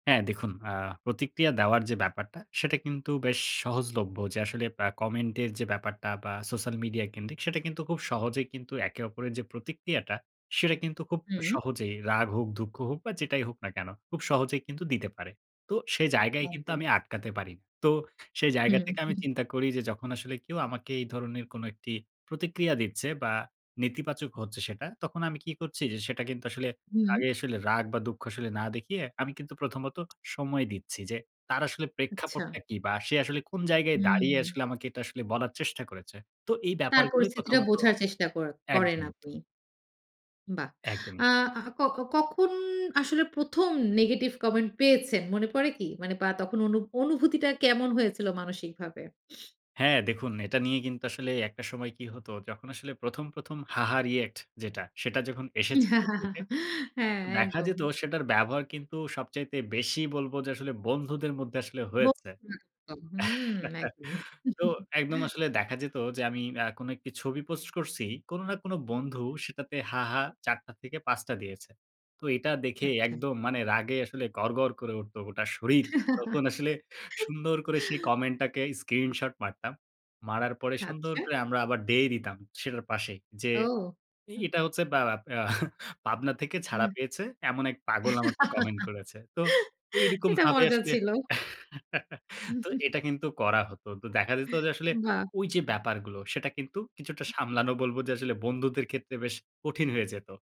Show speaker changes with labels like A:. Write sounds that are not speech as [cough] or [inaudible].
A: হ্যাঁ, দেখুন আ প্রতিক্রিয়া দেওয়ার যে ব্যাপারটা, সেটা কিন্তু বেশ সহজলভ্য। যে আসলে আ কমেন্টের যে ব্যাপারটা বা সোশ্যাল মিডিয়া কেন্দ্রিক সেটা কিন্তু খুব সহজেই কিন্তু একে অপরের যে প্রতিক্রিয়াটা সেটা কিন্তু খুব
B: হুম।
A: সহজেই রাগ হোক, দুঃখ হোক বা যেটাই হোক না কেন, খুব সহজেই কিন্তু দিতে পারে। তো সে জায়গায় কিন্তু
B: একদম।
A: আমি আটকাতে পারি। তো সেই জায়গা
B: হুম,
A: থেকে আমি
B: উহু।
A: চিন্তা করি, যে যখন আসলে কেউ আমাকে এই ধরনের কোন একটি প্রতিক্রিয়া দিচ্ছে বা নেতিবাচক হচ্ছে সেটা তখন আমি কি করছি, যে সেটা কিন্তু আসলে
B: হু।
A: আগে আসলে রাগ বা দুঃখ আসলে না দেখিয়ে আমি কিন্তু ১ম ত সময় দিচ্ছি যে তার আসলে
B: আচ্ছা।
A: প্রেক্ষাপটটা কী? বা সে আসলে কোন জায়গায় দাঁড়িয়ে
B: হুম।
A: আসলে আমাকে এটা আসলে বলার চেষ্টা করেছে। তো এই
B: তার
A: ব্যাপারগুলোই ১ম
B: পরিস্থিতিটা
A: ত
B: বোঝার চেষ্টা করে করেন
A: একদম।
B: আপনি। বাহ! আ,
A: একদমই।
B: আ আ ক কখন আসলে ১ম নেগেটিভ কমেন্ট পেয়েছেন? মনে পড়ে কি? মানে বা তখন অনু অনুভূতিটা কেমন হয়েছিল মানসিকভাবে?
A: হ্যাঁ, দেখুন এটা নিয়ে কিন্তু আসলে একটা সময় কি হতো, যখন আসলে প্রথম, ১ম হা, হা রিঅ্যাক্ট যেটা, সেটা যখন এসেছে ফেসবুকে,
B: [chuckles] হ্যাঁ,
A: দেখা
B: একদম।
A: যেত সেটার ব্যবহার কিন্তু সবচাইতে বেশি বলব যে আসলে বন্ধুদের মধ্যে আসলে
B: ব
A: হয়েছে।
B: হু, একদম হুম একদম।
A: [chuckles] তো একদম
B: [chuckles]
A: আসলে দেখা যেত যে আমি অ্যা কোন একটি ছবি পোস্ট করছি। কোন না কোন বন্ধু সেটাতে হা, হা ৪ টা থেকে ৫ টা দিয়েছে। তো এটা দেখে
B: আচ্ছা।
A: একদম মানে রাগে আসলে গড়গড় করে উঠত গোটা শরীর। তখন আসলে সুন্দর করে সেই
B: [laughs]
A: কমেন্টটাকে স্ক্রিনশট মারতাম। মারার পরে সুন্দর
B: আচ্ছা।
A: করে আমরা আবার ডে দিতাম সেটার পাশেই, যে
B: ও,
A: এ
B: হুম।
A: এটা হচ্ছে ব্যা ব্যা এহ, [chuckles] পাবনা থেকে ছাড়া
B: উ
A: পেয়েছে, এমন এক পাগল আমাকে
B: [laughs]
A: কমেন্ট করেছে। তো
B: এটা
A: এইরকমভাবে
B: মজা
A: আসলে
B: ছিল।
A: [chuckles]
B: হু,
A: তো
B: হু, হু।
A: এটা কিন্তু করা হতো। তো দেখা যেত যে আসলে
B: বাহ!
A: ঐ যে ব্যাপারগুলো সেটা কিন্তু কিছুটা সামলানো বলব যে আসলে বন্ধুদের ক্ষেত্রে বেশ কঠিন হয়ে যেত।